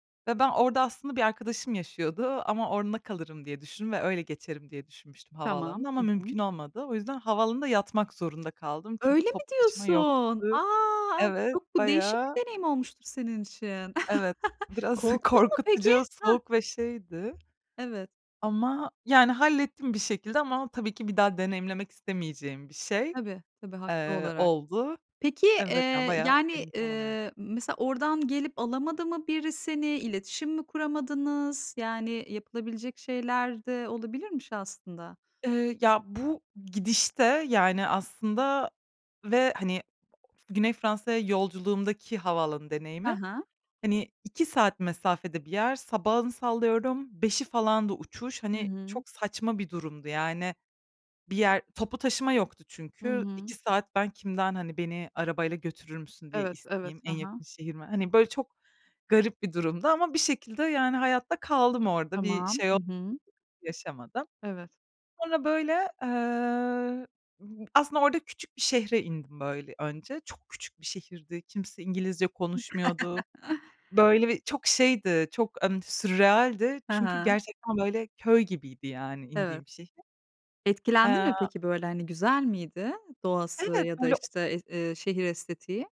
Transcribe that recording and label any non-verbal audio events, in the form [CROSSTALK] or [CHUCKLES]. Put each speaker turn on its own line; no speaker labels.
Ve ben orada aslında bir arkadaşım yaşıyordu ama onunla kalırım diye düşündüm ve öyle geçerim diye düşünmüştüm
Tamam.
havaalanına ama
Hı hı.
mümkün olmadı. O yüzden havaalanında yatmak zorunda kaldım çünkü
Öyle mi
toplu taşıma
diyorsun?
yoktu.
A!
Evet,
Çok bu değişik bir
bayağı
deneyim olmuştur senin için.
Evet,
[CHUCKLES]
biraz
Korktun mu peki?
korkutucu,
Ha
soğuk ve şeydi
Evet.
ama yani hallettim bir şekilde. Ama tabii ki bir daha deneyimlemek istemeyeceğim bir şey,
Tabii, tabii haklı
eee,
olarak.
oldu.
Peki,
Evet, yani,
eee,
bayağı
yani,
belim falan ağrı
eee, mesela oradan gelip alamadı mı biri seni, iletişim mi kuramadınız? Yani yapılabilecek şeyler de olabilirmiş aslında.
Eee, ya, bu gidişte, yani, aslında ve, hani, Güney Fransa'ya yolculuğumdaki havaalanı
Ha
deneyimim,
ha.
hani, 2 saat mesafede bir yer. Sabahın sallıyorum 05.00'i falandı uçuş.
I
Hani,
hı.
çok saçma bir durumdu yani bir yer Toplu taşıma yoktu
Hı
çünkü.
hı.
2 saat ben kimden, hani, "Beni arabayla götürür müsün?" diye
Evet, evet.
isteyeyim? En
Ha ha.
yakın şehir m Hani, böyle çok garip bir durumdu ama bir şekilde yani hayatta kaldım orada, bir
Tamam,
şey
hı
o
hı.
yaşamadım.
Evet.
Sonra, böyle, eee, m aslında orada küçük bir şehre indim, böyle, önce. Çok küçük bir şehirdi, kimse İngilizce konuşmuyordu.
[LAUGHS]
Böyle, bir çok şeydi, çok, ımm, sürrealdi
Hı
çünkü
hı.
gerçekten böyle köy gibiydi yani
Evet.
indiğim şehir.
Etkilendi
Eee
mi peki, böyle, hani, güzel miydi doğası
Evet
ya da,
böyle
işte, es eee, şehir estetiği?